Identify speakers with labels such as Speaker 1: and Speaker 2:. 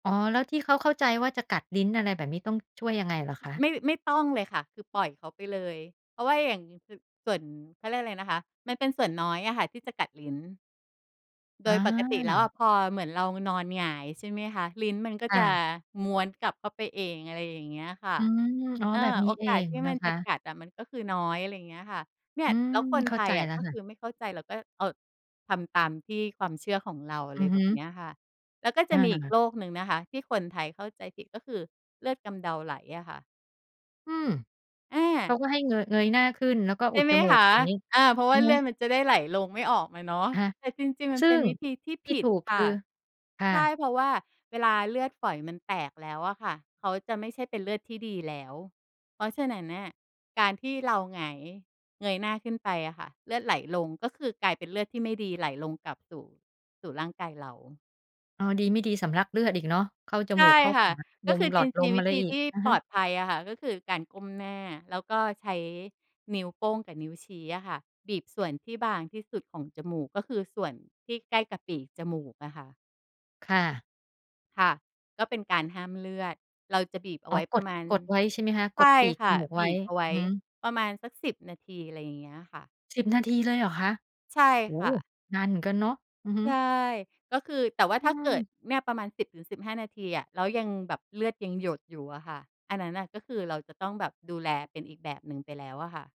Speaker 1: อ๋อ แล้วที่เขาเข้าใจว่าจะกัดลิ้น อะไรแบบนี้ ต้องช่วยยังไงเหรอคะ?
Speaker 2: ไม่ ไม่ต้องเลยค่ะ คือปล่อยเขาไปเลย เพราะว่าอย่าง อย่าง ส ส่วน เขาเรียกไรนะคะ มันเป็นส่วนน้อยอะค่ะที่จะกัดลิ้น โ
Speaker 1: อ
Speaker 2: ดยปกติแล้วอะ
Speaker 1: า
Speaker 2: พอเหมือนเรานอนหงาย ใช่ไหมคะ ลิ้นมันก็
Speaker 1: ค่
Speaker 2: จะ
Speaker 1: ะ
Speaker 2: ม้วนกลับเข้าไปเอง อะไรอย่างเงี้ยค่ะ
Speaker 1: อืม อ๋อ
Speaker 2: เออ
Speaker 1: แบบน
Speaker 2: โ
Speaker 1: ี
Speaker 2: อ
Speaker 1: ้เอ
Speaker 2: กาส
Speaker 1: ง
Speaker 2: ที่
Speaker 1: น
Speaker 2: ม
Speaker 1: ะ
Speaker 2: ัน
Speaker 1: ค
Speaker 2: จะ
Speaker 1: ะ
Speaker 2: กัดอะมันก็คือน้อย อะไรเงี้ยค่ะ เนี่
Speaker 1: อ
Speaker 2: ย
Speaker 1: ืม
Speaker 2: แล้วคน
Speaker 1: เข
Speaker 2: ไ
Speaker 1: ้
Speaker 2: ท
Speaker 1: าใจ
Speaker 2: ยอะ
Speaker 1: แล้ว
Speaker 2: ก็
Speaker 1: ค่
Speaker 2: ค
Speaker 1: ะ
Speaker 2: ือไม่เข้าใจ แล้วก็ เออ ทำตามที่ ความเชื่อของเรา อะ
Speaker 1: อ
Speaker 2: ไร
Speaker 1: ือฮ
Speaker 2: แบ
Speaker 1: ึ
Speaker 2: บเนี้ยค่ะ แล้วก็จ
Speaker 1: อ
Speaker 2: ะมีอีก
Speaker 1: า
Speaker 2: โรคหนึ่งนะคะที่คนไทยเข้าใจผิด ก็คือเลือดกำเดาไหลอะค่ะ
Speaker 1: อืม
Speaker 2: อ
Speaker 1: เข
Speaker 2: า
Speaker 1: าก็ให้เงย เงยหน้าขึ้น แล้วก็
Speaker 2: ใช
Speaker 1: อุ
Speaker 2: ่
Speaker 1: ด
Speaker 2: ไหม
Speaker 1: จมู
Speaker 2: ค
Speaker 1: ก
Speaker 2: ะ
Speaker 1: อย่างงี้
Speaker 2: อา เพราะว
Speaker 1: อ
Speaker 2: ่
Speaker 1: ื
Speaker 2: า
Speaker 1: อ
Speaker 2: เ
Speaker 1: ฮ
Speaker 2: ลือ
Speaker 1: ึ
Speaker 2: ดมันจะได้ไหลลง ไม่ออกมาเนาะ
Speaker 1: อะฮะ
Speaker 2: แต่จริง ๆ มั
Speaker 1: ซ
Speaker 2: น
Speaker 1: ึ่
Speaker 2: เป็น
Speaker 1: ง
Speaker 2: วิธีที่
Speaker 1: ท
Speaker 2: ผ
Speaker 1: ี่
Speaker 2: ิ
Speaker 1: ถ
Speaker 2: ด
Speaker 1: ูกค
Speaker 2: ค่ะ
Speaker 1: ือ? ค่
Speaker 2: ใช่
Speaker 1: ะ
Speaker 2: เพราะว่าเวลาเลือดฝอยมันแตกแล้วอะค่ะ เขาจะไม่ใช่เป็นเลือดที่ดีแล้ว เพราะฉะนั้นเนี่ยการที่เราหงาย เงยหน้าขึ้นไปอะค่ะเลือดไหลลง ก็คือกลายเป็นเลือดที่ไม่ดีไหลลงกลับสู่ สู่ร่างกายเรา
Speaker 1: อ๋อ ดีไม่ดีสำลักเลือดอีกเนาะ เข้าจ
Speaker 2: ใช
Speaker 1: มู
Speaker 2: ่
Speaker 1: ก เข้า
Speaker 2: ค่
Speaker 1: ห
Speaker 2: ะ
Speaker 1: าล
Speaker 2: ก็
Speaker 1: ม
Speaker 2: คือ
Speaker 1: หล
Speaker 2: จ
Speaker 1: อ
Speaker 2: ร
Speaker 1: ดล
Speaker 2: ิง
Speaker 1: ม
Speaker 2: ๆ
Speaker 1: อ
Speaker 2: วิ
Speaker 1: ะไร
Speaker 2: ธี
Speaker 1: อี
Speaker 2: ท
Speaker 1: ก
Speaker 2: ี่
Speaker 1: อะ
Speaker 2: ป
Speaker 1: ฮ
Speaker 2: ล
Speaker 1: ะ
Speaker 2: อดภัยอะค่ะ ก็คือการก้มหน้า แล้วก็ใช้นิ้วโป้งกับนิ้วชี้อะค่ะบีบส่วนที่บางที่สุดของจมูก ก็คือส่วนที่ใกล้กับปีกจมูกอะค่ะ
Speaker 1: ค่ะ
Speaker 2: ค่ะ ก็เป็นการห้ามเลือด เราจะบีบเอา
Speaker 1: อ๋
Speaker 2: ไ
Speaker 1: อ
Speaker 2: ว้
Speaker 1: ก
Speaker 2: ปร
Speaker 1: ด
Speaker 2: ะมาณ
Speaker 1: กดไว้ใช่ไหมคะ?
Speaker 2: ใ
Speaker 1: ก
Speaker 2: ช
Speaker 1: ด
Speaker 2: ่
Speaker 1: ปีก
Speaker 2: ค
Speaker 1: จ
Speaker 2: ่ะ
Speaker 1: มูกไ
Speaker 2: บ
Speaker 1: ว้
Speaker 2: ีบเอาไว
Speaker 1: อื
Speaker 2: ้
Speaker 1: อฮึ
Speaker 2: ประมาณสัก 10 นาที อะไรอย่างเงี้ยค่ะ
Speaker 1: 10 นาทีเลยเหรอคะ?
Speaker 2: ใช่
Speaker 1: โอ
Speaker 2: ค
Speaker 1: ้
Speaker 2: ่
Speaker 1: โฮ
Speaker 2: ะ
Speaker 1: นานเหมือนกันเนาะ อือฮึ
Speaker 2: ใช่ ก็คือ แต่ว่า
Speaker 1: อื
Speaker 2: ถ้าเกิ
Speaker 1: ม
Speaker 2: ดเนี่ยประมาณ 10-15 นาทีอะ แล้วยังแบบเลือดยังหยดอยู่อะค่ะ อันนั้นน่ะก็คือเราจะต้องแบบดูแลเป็นอีกแบบหนึ่งไปแล้วอะค่ะ